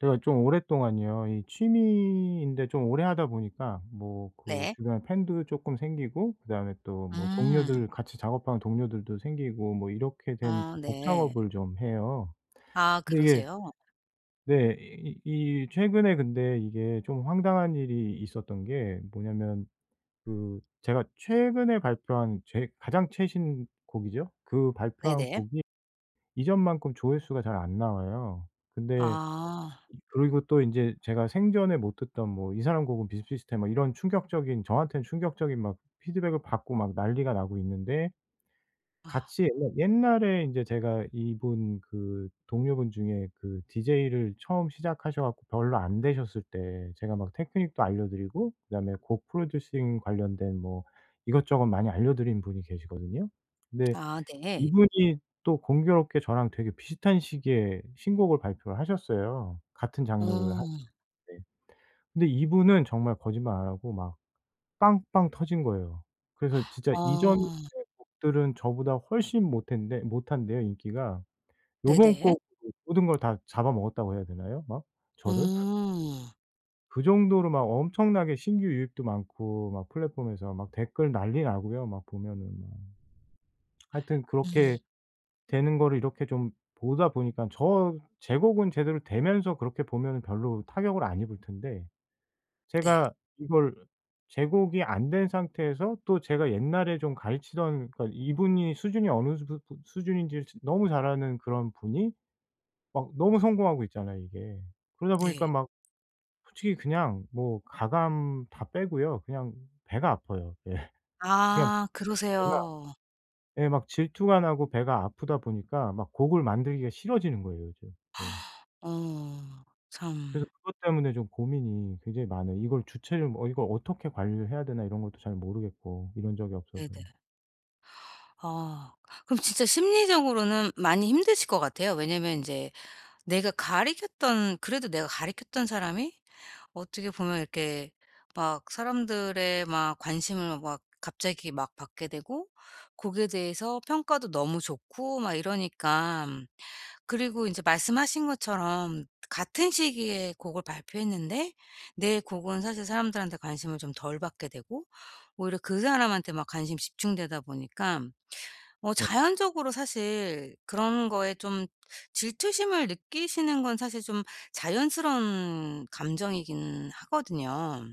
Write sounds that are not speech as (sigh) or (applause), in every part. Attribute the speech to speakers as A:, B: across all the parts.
A: 제가 좀 오랫동안요 이 취미인데 좀 오래 하다 보니까 뭐 그
B: 네.
A: 주변에 팬도 쪼끔 생기고 그다음에 또 뭐
B: 음.
A: 동료들, 같이 작업하는 동료들도 생기고 뭐 이렇게 된
B: 아
A: 곡
B: 네.
A: 작업을 좀 해요.
B: 아
A: 근데 이게
B: 그러세요?
A: 네. 이 이 이 최근에 근데 이게 좀 황당한 일이 있었던 게 뭐냐면 그 제가 최근에 발표한 제 가장 최신곡이죠. 그 발표한
B: 네네.
A: 곡이 이전만큼 조회수가 잘 안 나와요. 근데
B: 아.
A: 이 그리고 또 인제 제가 생전에 못 듣던 뭐 '이 사람 곡은 비슷비슷해.' 뭐 이런 충격적인, 저한텐 충격적인 막 피드백을 받고 막 난리가 나고 있는데
B: 아.
A: 같이 옛날 옛날에 인제 제가 이분 그 동료분 중에 그 DJ를 처음 시작하셔 갖고 별로 안 되셨을 때 제가 막 테크닉도 알려 드리고 그다음에 곡 프로듀싱 관련된 뭐 이것저것 많이 알려 드린 분이 계시거든요. 근데
B: 아 네.
A: 이분이 또 공교롭게 저랑 되게 비슷한 시기에 신곡을 발표를 하셨어요. 같은 장르를
B: 어.
A: 하셨는데 근데 이분은 정말 거짓말 안 하고 막 빵빵 터진 거예요. 그래서
B: (gasps)
A: 진짜 이전의
B: 어.
A: 곡들은 저보다 훨씬 못했는데 못한데요 인기가. 요번
B: 네네.
A: 곡으로 모든 걸 다 잡아먹었다고 해야 되나요 막 저를? (scoffs)
B: 오.
A: 그 정도로 막 엄청나게 신규 유입도 많고 막 플랫폼에서 막 댓글 난리 나고요 막 보면은 뭐. 하여튼
B: 네.
A: 그렇게 되는 거를 이렇게 좀 보다 보니깐 저 제 곡은 제대로 되면서 그렇게 보면은 별로 타격을 안 입을 텐데
B: 네.
A: 제가 이걸 제 곡이 안 된 상태에서 또 제가 옛날에 좀 가르치던 그러니까 이분이 수준이 어느 주두 또 수준인지를 즈 너무 잘 아는 그런 분이 막 너무 성공하고 있잖아요 이게. 그러다
B: 네.
A: 보니까 막 솔직히 그냥 뭐 가감 다 빼고요 그냥 배가 아파요. 예. 그냥
B: 아
A: 배가
B: 그러세요.
A: 예. 막 질투가 나고 배가 아프다 보니까 막 곡을 만들기가 싫어지는 거예요 이제. 예.
B: (gasps) 어
A: 그래서
B: 참.
A: 그것 때문에 좀 고민이 굉장히 많아요. 이걸 주체를 뭐 '어 이걸 어떻게 관리를 해야 되나?' 이런 것도 잘 모르겠고 이런 적이 없어서요.
B: 네네. 아. 그럼 진짜 심리적으로는 많이 힘드실 것 같아요. 왜냐면 인제 내가 가르쳤던 그래도 내가 가르쳤던 사람이 어떻게 보면 이렇게 막 사람들의 막 관심을 막 갑자기 막 받게 되고 곡에 대해서 평가도 너무 좋고 막 이러니깐. 그리고 인제 말씀하신 것처럼 같은 시기에 곡을 발표했는데 내 곡은 사실 사람들한테 관심을 좀 덜 받게 되고 오히려 그 사람한테 막 관심 집중되다 보니깐 어
A: 네.
B: 자연적으로 사실 그런 거에 좀 질투심을 느끼시는 건 사실 좀 자연스러운 감정이긴 하거든요.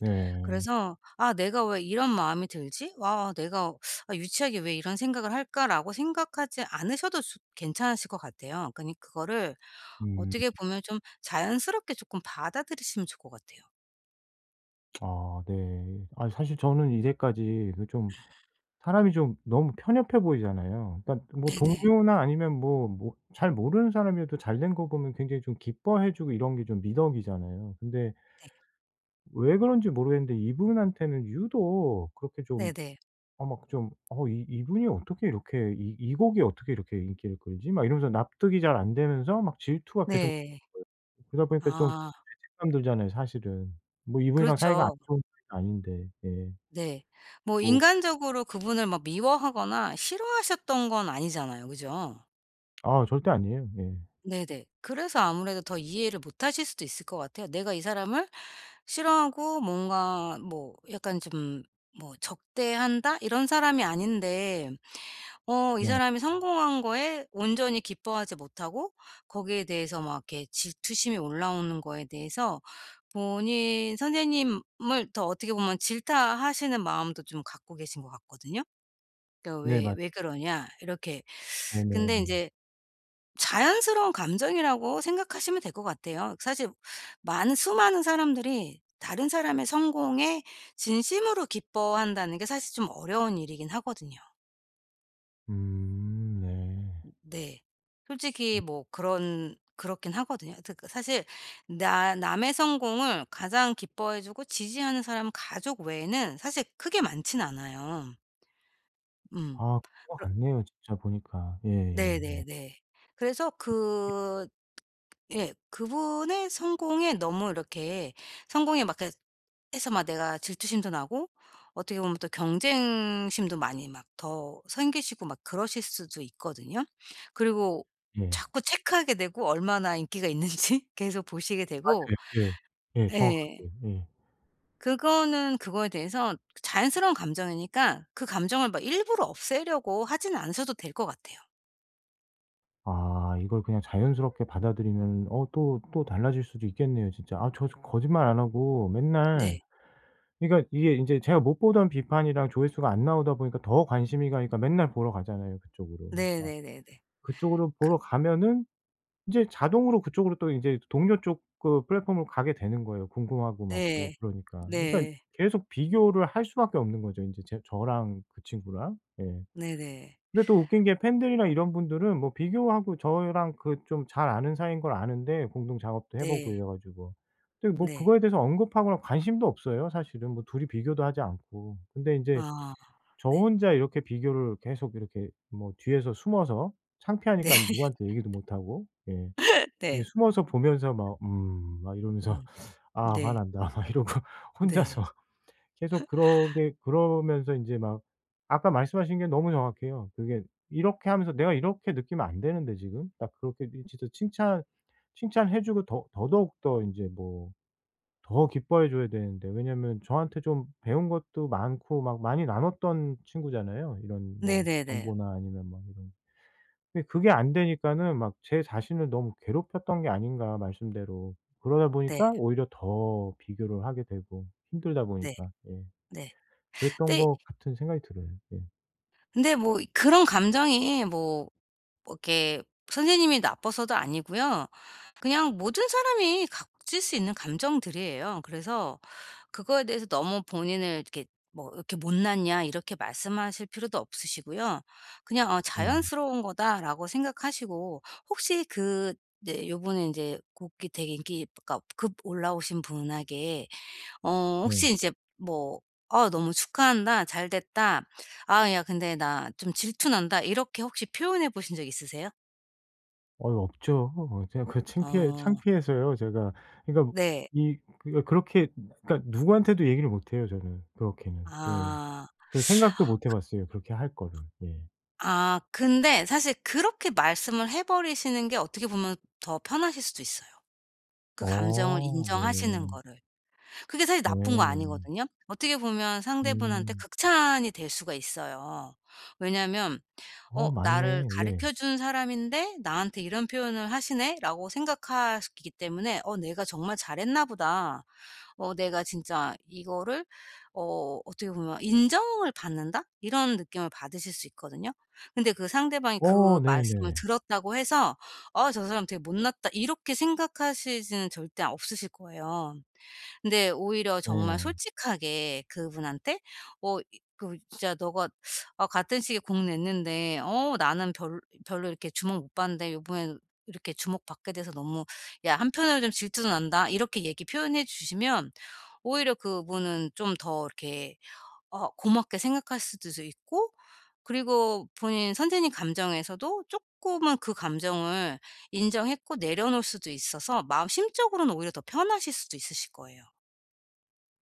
A: 네.
B: 그래서 '아 내가 왜 이런 마음이 들지? 와. 내가 (sucks teeth) 아 유치하게 왜 이런 생각을 할까?'라고 생각하지 않으셔도 좋 괜찮으실 것 같아요. 그니 그거를
A: 음.
B: 어떻게 보면 좀 자연스럽게 쪼끔 받아들이시면 좋을 것 같아요.
A: 아 네. 아이 사실 저는 이제까지 그 좀 사람이 좀 너무 편협해 보이잖아요. 그러니까 뭐
B: 네네.
A: 동료나 아니면 뭐 뭐 잘 모르는 사람이어도 잘 된 거 보면 굉장히 좀 기뻐해 주고 이런 게 좀 미덕이잖아요. 근데
B: 네.
A: 왜 그런지 모르겠는데 이분한테는 유독 그렇게 좀
B: 네네.
A: 어 막 좀 '어 이 이분이 어떻게 이렇게 이 이 곡이 어떻게 이렇게 인기를 끌지?' 막 이러면서 납득이 잘 안 돼서 막 질투가 계속
B: 네.
A: (unintelligible) 그러다 보니까 좀
B: 아.
A: 죄책감 들잖아요 사실은. 뭐 이분이랑 사이가 안
B: 그렇죠.
A: 좋은 사이도 아닌데. 예.
B: 네. 뭐
A: 뭐
B: 인간적으로 그분을 막 미워하거나 싫어하셨던 건 아니잖아요 그죠?
A: 아 절대 아니에요. 예.
B: 네네. 그래서 아무래도 더 이해를 못 하실 수도 있을 것 같아요. '내가 이 사람을 싫어하고 뭔가 뭐 약간 좀 뭐 적대한다.' 이런 사람이 아닌데 어 이
A: 네.
B: 사람이 성공한 거에 온전히 기뻐하지 못하고 거기에 대해서 막 이렇게 질투심이 올라오는 거에 대해서 본인 선생님을 더 어떻게 보면 질타하시는 마음도 좀 갖고 계신 것 같거든요. 그러니까
A: 네
B: '왜
A: 맞
B: 왜 그러냐?' 이렇게 (sucks teeth) 근데
A: 네네네.
B: 인제 자연스러운 감정이라고 생각하시면 될 것 같아요. 그 사실 많은, 수많은 사람들이 다른 사람의 성공에 진심으로 기뻐한다는 게 사실 좀 어려운 일이긴 하거든요.
A: 음 네.
B: 네. 솔직히
A: 음.
B: 뭐 그런 그렇긴 하거든요. 하여튼 그 사실 나 남의 성공을 가장 기뻐해 주고 지지하는 사람은 가족 외에는 사실 크게 많지는 않아요. 음.
A: 아 그런 것
B: 그러
A: 같네요 진짜 보니까. 예예예.
B: 네네네. 그래서
A: 이 이
B: 그 예. 그분의 성공에 너무 이렇게 성공에 막 그래 해서 막 내가 질투심도 나고 어떻게 보면 또 경쟁심도 많이 막 더 생기시고 막 그러실 수도 있거든요. 그리고
A: 예.
B: 자꾸 체크하게 되고 얼마나 인기가 있는지 계속 보시게
A: 맞
B: 되고
A: 예. 예
B: 예.
A: 정확하게. 예.
B: 그거는 그거에 대해선 자연스러운 감정이니까 그 감정을 막 일부러 없애려고 하지는 않으셔도 될 것 같아요.
A: 아 이걸 그냥 자연스럽게 받아들이면 어 또 또 달라질 수도 있겠네요 진짜. 아 저 저 거짓말 안 하고 맨날
B: 네.
A: 그러니까 이게 이제 제가 못 보던 비판이랑 조회수가 안 나오다 보니까 더 관심이 가니까 맨날 보러 가잖아요 그쪽으로 막.
B: 네네네네.
A: 그쪽으로
B: 그
A: 보러 가면은 이제 자동으로 그쪽으로 또 인제 동료 쪽 그 플랫폼으로 가게 되는 거예요 궁금하고 막 또
B: 네.
A: 그러니까. 그러니까
B: 네.
A: 계속 비교를 할 수밖에 없는 거죠 인제 제 저랑 그 친구랑. 예.
B: 네네.
A: 근데 또 웃긴 게 팬들이나 이런 분들은 뭐 비교하고 저랑 그 좀 잘 아는 사이인 걸 아는데 공동 작업도 해 보고
B: 네.
A: 이래 가지고. 근데 뭐
B: 네.
A: 그거에 대해서 언급하거나 관심도 없어요 사실은 뭐 둘이 비교도 하지 않고. 근데 인제
B: 아.
A: 저
B: 네.
A: 혼자 이렇게 비교를 계속 이렇게 뭐 뒤에서 숨어서
B: 네.
A: 창피하니깐 누구한테 얘기도
B: (laughs)
A: 못하고. 예. 이게
B: 네.
A: 숨어서 보면서 막 '음.' 막 이러면서
B: 음.
A: '아
B: 네.
A: 화난다.' 막 이러고 혼자서.
B: 네.
A: 계속
B: (laughs)
A: 그러게 그러면서 인제 막. 아까 말씀하신 게 너무 정확해요. 그게 '이렇게 하면서 내가 이렇게 느끼면 안 되는데 지금.' 딱 그렇게 이 진짜 칭찬, 칭찬해 주고 더 더더욱 더 인제 뭐 더 기뻐해 줘야 되는데. 왜냐하면 저한테 좀 배운 것도 많고 막 많이 나눴던 친구잖아요 이런 뭐
B: 네네네.
A: 정보나 아니면 뭐 이런. 근데 그게 안 되니까는 '막 제 자신을 너무 괴롭혔던 게 아닌가?' 말씀대로. 그러다
B: 네.
A: 보니까 오히려 더 비교를 하게 되고, 힘들다
B: 네.
A: 보니까. 예.
B: 네.
A: 그랬던
B: 근데
A: 것 같은 생각이 들어요. 예.
B: 근데 뭐 이 그런 감정이 뭐, 뭐 이렇게 선생님이 나빠서도 아니고요. 그냥 모든 사람이 가질 수 있는 감정들이에요. 그래서 그거에 대해서 너무 본인을 이렇게 뭐 '이렇게 못났냐?' 이렇게 말씀하실 필요도 없으시고요. 그냥 '어
A: 음.
B: 자연스러운 거다.'라고 생각하시고 혹시 그 이제 요번에 인제 곡이 되게 인기 그러니까 급 올라오신 분에게 어 혹시
A: 네.
B: 인제 뭐 "아 너무 축하한다. 잘됐다. 아 야 근데 나 좀 질투 난다." 이렇게 혹시 표현해 보신 적 있으세요?
A: 아이 없죠. 제가 그 창피해
B: 아.
A: 창피해서요 제가. 그러니까
B: 네.
A: 이 그렇게 그러니까 누구한테도 얘기를 못 해요 저는 그렇게는. 예.
B: 아.
A: 그 생각도 못 해 봤어요. 그렇게 할 거를. 예.
B: (sucks teeth) 아. 근데 사실 그렇게 말씀을 해 버리시는 게 어떻게 보면 더 편하실 수도 있어요 그 감정을
A: 어
B: 인정하시는
A: 네.
B: 거를. 그게 사실
A: 네
B: 나쁜 거
A: 네.
B: 아니거든요. 어떻게 보면 상대분한테
A: 음.
B: 극찬이 될 수가 있어요. 왜냐면
A: 어
B: 어
A: 맞네.
B: '나를
A: 예.
B: 가르쳐 준 사람인데 나한테 이런 표현을 하시네.'라고 생각하시기 때문에 어 '내가 정말 잘했나 보다. 어 내가 진짜 이거를' 어 어떻게 보면 '인정을 받는다.' 이런 느낌을 받으실 수 있거든요. 근데 그 상대방이 그
A: 어
B: 말씀을
A: 네네.
B: 들었다고 해서 '어 저 사람 되게 못났다.' 이렇게 생각하시지는 절대 없으실 거예요. 근데 오히려 정말
A: 네.
B: 솔직하게 그분한테 어 이 그 "진짜 너가 아 같은 시기에 곡 냈는데 어 나는 별 별로 이렇게 주목 못 받는데 요번에는 이렇게 주목받게 돼서 너무 야 한편으로는 좀 질투도 난다." 이렇게 얘기 표현해 주시면 오히려 그분은 좀 더 이렇게 어 고맙게 생각하실 수도 있고 그리고 본인 선생님 감정에서도 쪼끔은 그 감정을 인정했고 내려놓을 수도 있어서 마음, 심적으로는 오히려 더 편하실 수도 있으실 거예요.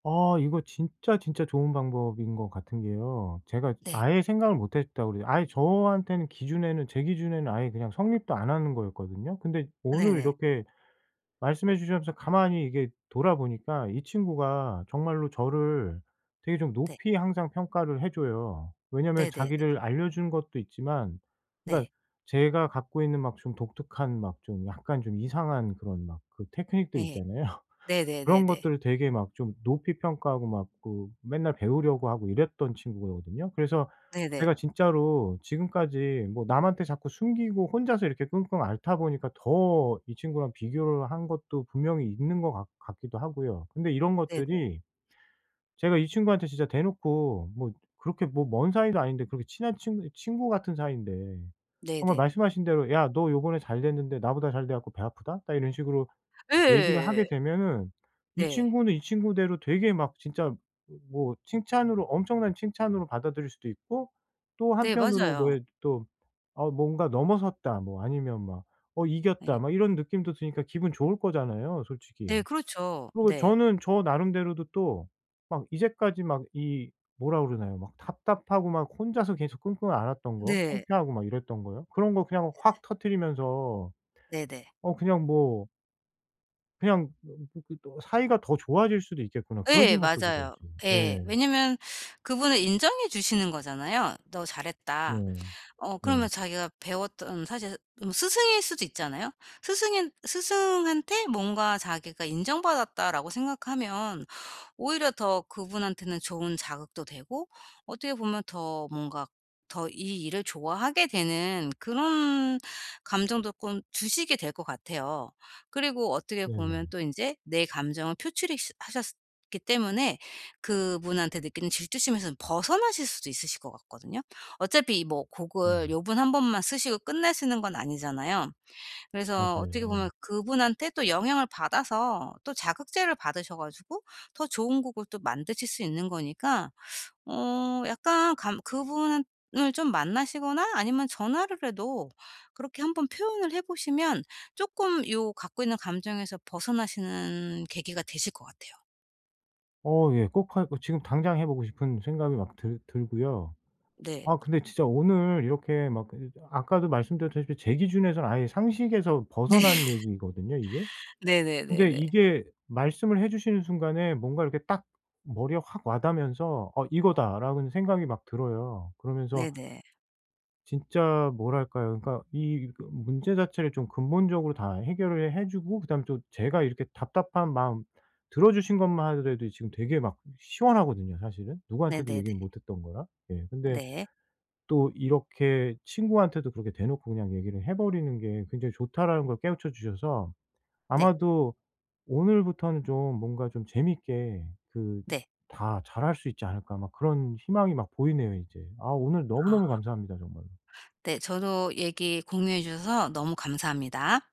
A: 아 이거 진짜 진짜 좋은 방법인 것 같은 게요. 제가
B: 네.
A: 아예 생각을 못 했다 그래요. 아예 저한테는 기준에는 제 기준에는 아예 그냥 성립도 안 하는 거였거든요. 근데 오늘
B: 네네.
A: 이렇게 말씀해 주셔서 가만히 이게 돌아 보니까 이 친구가 정말로 저를 되게 좀
B: 네.
A: 높이 항상 평가를 해 줘요. 왜냐면
B: 네네네.
A: 자기를 알려 준 것도 있지만
B: 네.
A: 그러니까 제가 갖고 있는 막 좀 독특한 막 좀 약간 좀 이상한 그런 막 그 테크닉들
B: 네.
A: 있잖아요. 그런
B: 네네네네.
A: 것들을 되게 막 좀 높이 평가하고 막 그 맨날 배우려고 하고 이랬던 친구거든요. 그래서
B: 네네.
A: 제가 진짜로 지금까지 뭐 남한테 자꾸 숨기고 혼자서 이렇게 끙끙 앓다 보니까 더 이 친구랑 비교를 한 것도 분명히 있는 것 같 같기도 하고요. 근데 이런
B: 네네.
A: 것들이 제가 이 친구한테 진짜 대놓고 뭐 그렇게 뭐 먼 사이도 아닌데 그렇게 친한 친구니 친구 같은 사이인데 정말
B: 네네.
A: 말씀하신 대로 "야 너 요번에 잘 됐는데 나보다 잘 돼 갖고 배 아프다." 딱 이런 식으로 얘기를 하게
B: 예예예예.
A: 되면은 이
B: 네.
A: 친구는 이 친구대로 되게 막 진짜 뭐 칭찬으로, 엄청난 칭찬으로 받아들일 수도 있고 또
B: 네.
A: 한편으로
B: 맞아요.
A: 왜 또 '어 뭔가 넘어섰다.' 뭐 아니면 막 '어 이겼다.'
B: 네.
A: 막 이런 느낌도 드니까 기분 좋을 거잖아요 솔직히.
B: 네. 그렇죠.
A: 그리고
B: 네.
A: 저는 저 나름대로도 또 막 이제까지 막 이 뭐라 그러나요 막 답답하고 막 혼자서 계속 끙끙 앓았던 거
B: 네.
A: 창피하고 막 이랬던 거요. 그런 거 그냥
B: 네네.
A: 확 터뜨리면서
B: 네네.
A: 어 그냥 뭐 그냥 뭐 그렇게 또 '사이가 더 좋아질 수도 있겠구나.' 그런
B: 예.
A: 생각도 들어요
B: 맞아요.
A: 지금.
B: 예.
A: 예.
B: 왜냐면 그분을 인정해 주시는 거잖아요. "너 잘했다."
A: 네.
B: 어 그러면
A: 네.
B: 자기가 배웠던 사실 음 스승일 수도 있잖아요. 스승인 '스승한테 뭔가 자기가 인정받았다.'라고 생각하면 오히려 더 그분한테는 좋은 자극도 되고 어떻게 보면 더 뭔가 더 이 일을 좋아하게 되는 그런 감정도 꼰 주시게 될 것 같아요. 그리고 어떻게 보면
A: 네네.
B: 또 인제 내 감정을 표출이스 하셨기 때문에 그분한테 느끼는 질투심에선 벗어나실 수도 있으실 것 같거든요. 어차피 뭐 곡을
A: 네.
B: 요번 1 번만 쓰시고 끝내시는 건 아니잖아요. 그래서
A: 맞아요.
B: 어떻게
A: 예.
B: 보면 그분한테 또 영향을 받아서 또 자극제를 받으셔 가지고 더 좋은 곡을 또 만드실 수 있는 거니까 어 약간 감 그분은 을 좀 만나시거나 아니면 전화를 해도 그렇게 한번 표현을 해 보시면 쪼끔 요 갖고 있는 감정에서 벗어나시는 계기가 되실 것 같아요.
A: 어 예. 꼭 할 어 지금 당장 해 보고 싶은 생각이 막 들 들고요.
B: 네.
A: 아 근데 진짜 오늘 이렇게 막 근데 저 아까도 말씀드렸다시피 제 기준에선 아예 상식에서
B: 네.
A: 벗어난 얘기거든요 이게. 근데
B: 네네네네.
A: 이게 말씀을 해 주시는 순간에 뭔가 이렇게 딱 머리에 확 와 닿으면서 '어 이거다.'라는 생각이 막 들어요. 그러면서
B: 네네.
A: 진짜 뭐랄까요. 그러니까 이 그 문제 자체를 좀 근본적으로 다 해결을 해 주고 그다음에 또 제가 이렇게 답답한 마음 들어 주신 것만 하더라도 지금 되게 막 시원하거든요 사실은. 누구한테도
B: 네네네.
A: 얘기를 못 했던 거라. 예. 근데
B: 네.
A: 또 이렇게 '친구한테도 그렇게 대놓고 그냥 얘기를 해 버리는 게 굉장히 좋다.'라는 걸 깨우쳐 주셔서
B: 네.
A: 아마도 '오늘부터는 좀 뭔가 좀 재밌게 그
B: 네.
A: 다 잘 할 수 있지 않을까.' 막 그런 희망이 막 보이네요 이제. 아 오늘 너무너무
B: 아.
A: 감사합니다 정말로.
B: 네. 저도 얘기 공유해 주셔서 너무 감사합니다.